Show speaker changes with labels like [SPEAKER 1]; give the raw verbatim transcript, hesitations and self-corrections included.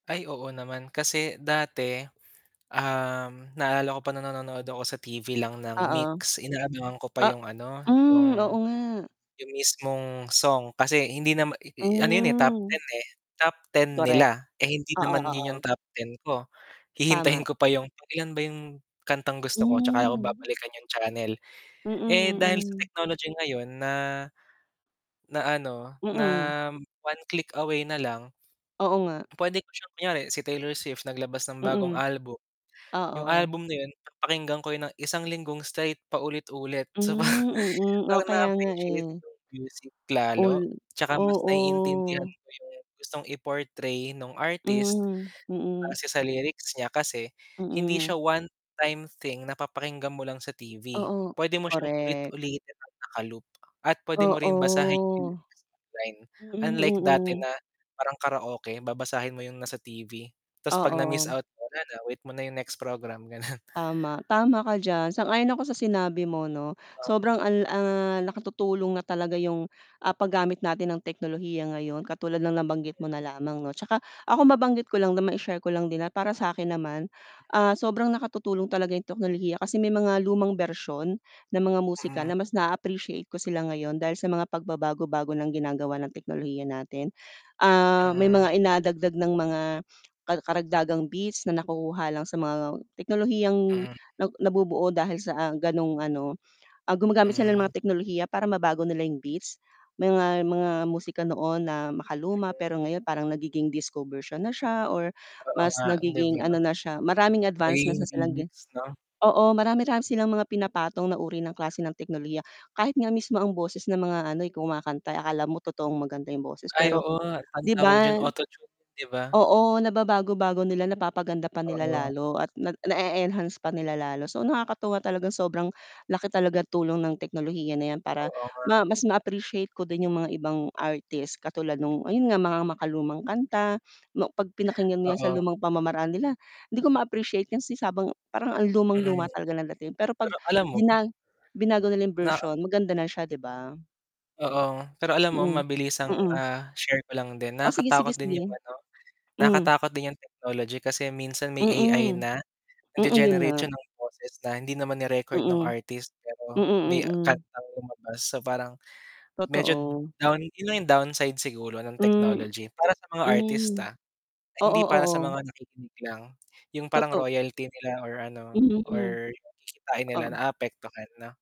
[SPEAKER 1] Ay, oo naman kasi dati, um, naalala ko pa nung nanonood ako sa T-V lang ng
[SPEAKER 2] Oo.
[SPEAKER 1] M-Y-X, inaabangan ko pa
[SPEAKER 2] A
[SPEAKER 1] 'yung ano,
[SPEAKER 2] hmm, oo
[SPEAKER 1] 'yung
[SPEAKER 2] nga.
[SPEAKER 1] 'yung mismong song, kasi hindi naman ano 'yun eh, top
[SPEAKER 2] Hmm.
[SPEAKER 1] ten top ten
[SPEAKER 2] Korek,
[SPEAKER 1] nila eh, hindi
[SPEAKER 2] oo,
[SPEAKER 1] naman 'yun 'yung
[SPEAKER 2] oo.
[SPEAKER 1] top ten ko.
[SPEAKER 2] Tama.
[SPEAKER 1] Hihintayin ko pa 'yung, ilan ba 'yung kantang gusto ko 'tsaka ko
[SPEAKER 2] Hmm.
[SPEAKER 1] babalikan 'yung channel.
[SPEAKER 2] Mm,
[SPEAKER 1] Eh, dahil sa
[SPEAKER 2] mm.
[SPEAKER 1] technology ngayon na na ano na
[SPEAKER 2] Mm.
[SPEAKER 1] one click away na lang.
[SPEAKER 2] Oo nga.
[SPEAKER 1] Puwede ko siyang kunyari si Taylor Swift naglabas ng bagong
[SPEAKER 2] Mm.
[SPEAKER 1] album, 'yung
[SPEAKER 2] Oo.
[SPEAKER 1] album na 'yon papakinggan ko 'yon ng isang linggong straight paulit-ulit, so parang
[SPEAKER 2] Hmm, mm, oh,
[SPEAKER 1] parang
[SPEAKER 2] kaya nga
[SPEAKER 1] na-aapreciate
[SPEAKER 2] eh.
[SPEAKER 1] ko 'yung music
[SPEAKER 2] Ol
[SPEAKER 1] lalo 'tsaka mas naiintindihan
[SPEAKER 2] oo.
[SPEAKER 1] ko 'yung gustong i-portray nung artist
[SPEAKER 2] Mhm, mm.
[SPEAKER 1] base sa lyrics niya kasi hindi siya
[SPEAKER 2] Mm.
[SPEAKER 1] one-time thing na papakinggan mo lang sa T-V,
[SPEAKER 2] Oo,
[SPEAKER 1] puwede mo siyang
[SPEAKER 2] korek.
[SPEAKER 1] ulit-ulitin ng naka-loop at puwede mo rin basahin 'yung
[SPEAKER 2] Oo.
[SPEAKER 1] lyrics online,
[SPEAKER 2] Hmm,
[SPEAKER 1] unlike dati
[SPEAKER 2] mm.
[SPEAKER 1] na parang karaoke babasahin mo 'yung nasa T-V ta's 'pag na miss
[SPEAKER 2] Oo.
[SPEAKER 1] out mo wala na wait mo na 'yung next program, gano'n.
[SPEAKER 2] Tama, tama ka diyan, sang-ayon ako sa sinabi mo 'no.
[SPEAKER 1] O
[SPEAKER 2] Sobrang al ah, nakatutulong na talaga 'yung, ah, paggamit natin ng teknolohiya ngayon katulad ng nabanggit mo na lamang 'no. 'Tsaka ako mabanggit ko lang na mai-share ko lang din at para sa akin naman, ah, sobrang nakatutulong talaga 'yung toknolohiya kasi may mga lumang bersyon ng mga musika
[SPEAKER 1] Mm.
[SPEAKER 2] na mas naa-appreciate ko sila ngayon dahil sa mga pagbabago-bago ng ginagawa ng teknolohiya natin. Ah, may
[SPEAKER 1] Mm.
[SPEAKER 2] mga i nadagdag ng mga karagdagang beats na nakukuha lang sa mga teknolohiyang
[SPEAKER 1] Mm.
[SPEAKER 2] nag nabubuo dahil sa gano'ng ano ah, gumagamit sila ng mga
[SPEAKER 1] Mhm.
[SPEAKER 2] teknolohiya para mabago nila 'yung beats mga mga musika noon na makaluma pero
[SPEAKER 1] Mhm.
[SPEAKER 2] ngayon parang nagiging disco version na siya or
[SPEAKER 1] Oo
[SPEAKER 2] mas
[SPEAKER 1] nga, 'di ba?
[SPEAKER 2] nagiging ano na siya maraming advancements
[SPEAKER 1] Nagiging
[SPEAKER 2] na silang gin
[SPEAKER 1] remix 'no?
[SPEAKER 2] oo, marami-rami silang mga pinapatong na uri ng klase ng teknolohiya. Kahit nga mismo ang boses ng mga ano, eh, kumakanta akala mo totoong maganda 'yung boses
[SPEAKER 1] Ay
[SPEAKER 2] pero
[SPEAKER 1] oo,
[SPEAKER 2] 'di
[SPEAKER 1] anong tawag diyan
[SPEAKER 2] ba?
[SPEAKER 1] auto-tune, 'di ba?
[SPEAKER 2] Oo, nababago-bago nila, napapaganda pa nila
[SPEAKER 1] Oo.
[SPEAKER 2] lalo at nag na-e-enhance pa nila lalo, so nakakatuwa talagang sobrang laki talagang tulong ng teknolohiya na 'yan para
[SPEAKER 1] Oo nga.
[SPEAKER 2] ma mas ma-appreciate ko din 'yung mga ibang artist katulad nung ayun nga mga makalumang kanta ma 'pag pinakinggan mo 'yan sa
[SPEAKER 1] Oo.
[SPEAKER 2] lumang pamamaraan nila, hindi ko ma-appreciate 'yan si habang parang ang lumang-luma
[SPEAKER 1] Mm.
[SPEAKER 2] talaga ng dating, pero 'pag
[SPEAKER 1] Pero alam mo
[SPEAKER 2] bina binago nila 'yung
[SPEAKER 1] Na
[SPEAKER 2] version maganda na siya 'di ba?
[SPEAKER 1] Oo, pero alam mo,
[SPEAKER 2] Mm.
[SPEAKER 1] mabilisang,
[SPEAKER 2] Mm.
[SPEAKER 1] ah, share ko lang din,
[SPEAKER 2] O sige, sige,
[SPEAKER 1] nakakatakot din 'yung
[SPEAKER 2] sige.
[SPEAKER 1] ano
[SPEAKER 2] Hmm.
[SPEAKER 1] nakakatakot din 'yung technology kasi minsan may A-I
[SPEAKER 2] Mm.
[SPEAKER 1] na,
[SPEAKER 2] Mm, 'yun
[SPEAKER 1] nag-ge-generate
[SPEAKER 2] nga.
[SPEAKER 1] siya ng boses na hindi naman ni-record nung
[SPEAKER 2] Mm.
[SPEAKER 1] artist pero may
[SPEAKER 2] Mm, mm.
[SPEAKER 1] kantang lumabas so parang, medyo
[SPEAKER 2] Totoo.
[SPEAKER 1] down 'yun lang 'yung downside siguro ng
[SPEAKER 2] Hmm.
[SPEAKER 1] technology para sa mga
[SPEAKER 2] Hmm.
[SPEAKER 1] artista, ah,
[SPEAKER 2] Oo,
[SPEAKER 1] hindi para sa
[SPEAKER 2] oo.
[SPEAKER 1] mga nakikinig lang. 'Yung parang
[SPEAKER 2] Toto
[SPEAKER 1] royalty nila or ano
[SPEAKER 2] Mhm,
[SPEAKER 1] or kikitain nila,
[SPEAKER 2] o
[SPEAKER 1] naapektuhan 'no.